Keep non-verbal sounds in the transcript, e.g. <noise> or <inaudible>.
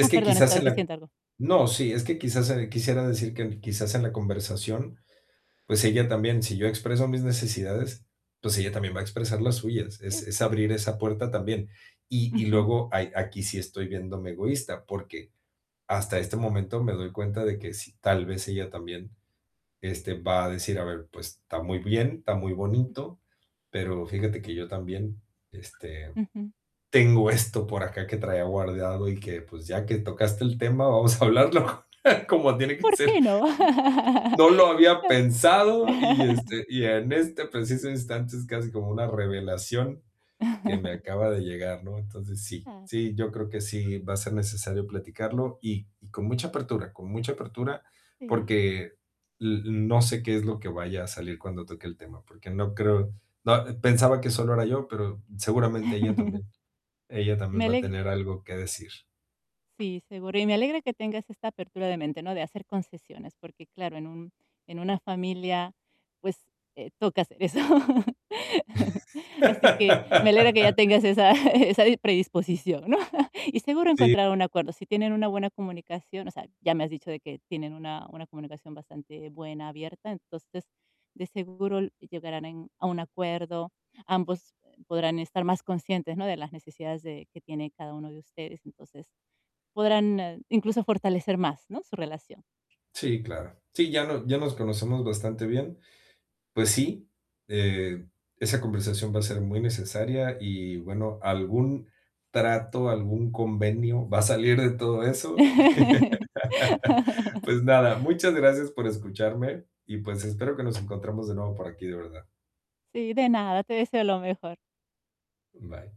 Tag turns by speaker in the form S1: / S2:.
S1: Ah,
S2: que
S1: perdón,
S2: quizás
S1: estabas
S2: en la
S1: diciendo algo.
S2: no, sí, es que quizás, eh, quisiera decir que quizás en la conversación, pues, ella también, si yo expreso mis necesidades, pues, ella también va a expresar las suyas, es es
S1: Cierto.
S2: abrir esa puerta también. Y y
S1: Ujú.
S2: luego, ahí aquí sí estoy viéndome egoísta, porque, hasta este momento me doy cuenta de que sí, tal vez ella también, este, va a decir, a ver, pues, está muy bien, está muy bonito, pero, fíjate que yo también, este,
S1: Ujú.
S2: tengo esto por acá que traía guardado y que, pues, ya que tocaste el tema, vamos a hablarlo <chuckles> como tiene que
S1: ¿Por
S2: ser.
S1: qué, no?
S2: No lo había pensado y,
S1: <laughs>
S2: este, y en este preciso instante, es casi como una revelación que me
S1: <chuckles>
S2: acaba de llegar, ¿no? Entonces, sí.
S1: <unintelligible>
S2: Sí, yo creo que sí va a ser necesario platicarlo y y con mucha apertura con mucha apertura,
S1: Sí.
S2: porque l n no sé qué es lo que vaya a salir cuando toque el tema, porque no creo no, pensaba que solo era yo, pero, seguramente ella
S1: <laughs>
S2: también ella también
S1: Me
S2: va a
S1: aleg
S2: tener algo que decir.
S1: Sí, seguro, y me alegra que tengas esta apertura de mente, ¿no? De hacer concesiones, porque, claro, en un en una familia, pues, eh, toca hacer eso. <laughs> Así que me alegra que ya
S2: <laughs>
S1: tengas esa <chuckles> esa di predisposición, ¿no? <laughs> Y seguro
S2: Sí.
S1: encontraran un acuerdo, si tienen una buena comunicación, o sea, ya me has dicho de que tienen una una comunicación bastante buena, abierta, entonces, de seguro l llegarán en a un acuerdo, ambos, eh, podrán estar más conscientes, ¿no? De las necesidades de que tiene cada uno de ustedes, entonces podrán, ah, incluso fortalecer más, ¿no?, su relación.
S2: Sí, claro. Sí, ya no ya nos conocemos bastante bien. Pues sí, eh, esa conversación va a ser muy necesaria y, bueno, algún trato, algún convenio va a salir de todo eso. <laughs>
S1: <laughs>
S2: Pues nada, muchas gracias por escucharme y, pues, espero que nos encontramos de nuevo por aquí, de verdad.
S1: Sí, de nada, te deseo lo mejor.
S2: Bye.